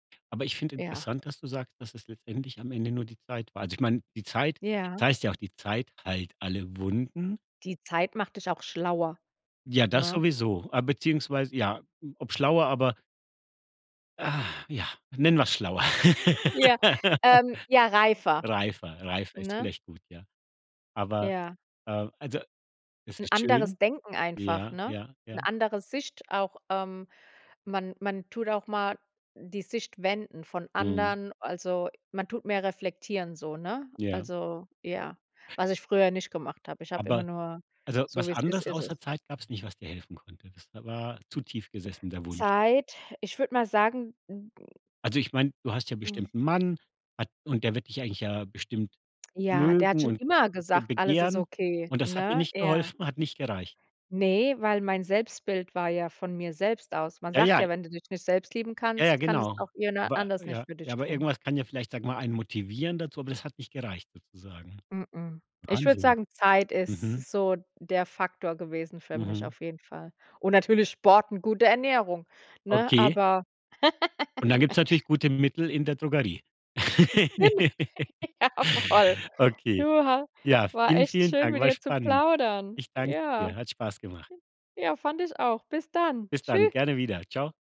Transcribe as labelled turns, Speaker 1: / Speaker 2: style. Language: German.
Speaker 1: Aber ich finde
Speaker 2: Ja.
Speaker 1: interessant, dass du sagst, dass es letztendlich am Ende nur die Zeit war. Also, ich meine, die Zeit es
Speaker 2: Ja.
Speaker 1: heißt ja auch: Die Zeit heilt alle Wunden.
Speaker 2: Die Zeit macht dich auch schlauer,
Speaker 1: Ja, das
Speaker 2: ne?
Speaker 1: sowieso. Ah, beziehungsweise ja, ob schlauer, aber Ach ja, nennen wir's schlauer.
Speaker 2: Ja, ähm, ja reifer,
Speaker 1: Reifer, reifer ist
Speaker 2: ne?
Speaker 1: vielleicht gut, ja. Aber,
Speaker 2: Ja.
Speaker 1: äh, also es
Speaker 2: 'N
Speaker 1: ist schön.
Speaker 2: anderes Denken einfach,
Speaker 1: Ja,
Speaker 2: ne?
Speaker 1: ja,
Speaker 2: 'Ne
Speaker 1: ja.
Speaker 2: andere Sicht auch. Ähm, man man tut auch mal die Sicht wenden von
Speaker 1: Mhm.
Speaker 2: anderen also, man tut mehr reflektieren so, ne?
Speaker 1: Ja.
Speaker 2: Also, ja, was ich früher nicht gemacht habe. Ich habe immer
Speaker 1: Aber
Speaker 2: nur
Speaker 1: also,
Speaker 2: so
Speaker 1: was
Speaker 2: wie es ist,
Speaker 1: anderes
Speaker 2: ist es.
Speaker 1: außer Zeit gab's nicht, was dir helfen konnte? Das da war zu tief gesessen der Wunsch.
Speaker 2: Zeit, ich würde mal sagen, [unintelligible]
Speaker 1: Also, ich meine, du hast ja bestimmt 'nen Mann und der wird dich eigentlich ja bestimmt
Speaker 2: Ja, der hat
Speaker 1: mögen
Speaker 2: schon
Speaker 1: und
Speaker 2: immer
Speaker 1: be
Speaker 2: gesagt, alles ist
Speaker 1: begehren.
Speaker 2: okay,
Speaker 1: Und das hat dir
Speaker 2: ne?
Speaker 1: nicht
Speaker 2: Er
Speaker 1: geholfen, hat nicht gereicht?
Speaker 2: Ne, weil mein Selbstbild war ja von mir selbst aus. Man
Speaker 1: Ja,
Speaker 2: sagt
Speaker 1: ja.
Speaker 2: ja: „Wenn du dich nicht selbst lieben
Speaker 1: Ja, ja,
Speaker 2: kannst, kann es
Speaker 1: genau.
Speaker 2: auch jemand
Speaker 1: Wei
Speaker 2: anders
Speaker 1: ja,
Speaker 2: nicht für
Speaker 1: ja,
Speaker 2: dich
Speaker 1: aber
Speaker 2: tun.“
Speaker 1: irgendwas kann ja vielleicht, sage ich mal, einen motivieren dazu, aber das hat nicht gereicht sozusagen?
Speaker 2: Mh-mh, ich würde
Speaker 1: Wahnsinn.
Speaker 2: sagen, Zeit ist
Speaker 1: Mhm.
Speaker 2: so der Faktor gewesen für mich
Speaker 1: Mhm.
Speaker 2: auf jeden Fall. Und natürlich Sport, 'ne gute Ernährung, ne,
Speaker 1: Okay.
Speaker 2: aber
Speaker 1: Und dann gibt's natürlich gute Mittel in der Drogerie.
Speaker 2: Gen Jawoll. Du
Speaker 1: Okay.
Speaker 2: ha
Speaker 1: Ja,
Speaker 2: war
Speaker 1: vielen,
Speaker 2: echt
Speaker 1: vielen
Speaker 2: schön,
Speaker 1: Dank.
Speaker 2: mit
Speaker 1: War
Speaker 2: dir zu
Speaker 1: spannend.
Speaker 2: plaudern.
Speaker 1: Ich danke
Speaker 2: Ja.
Speaker 1: dir, hat Spaß gemacht.
Speaker 2: Ja, fand ich auch. Bis dann.
Speaker 1: Bis dann
Speaker 2: Tschü
Speaker 1: gerne wieder. Tschau.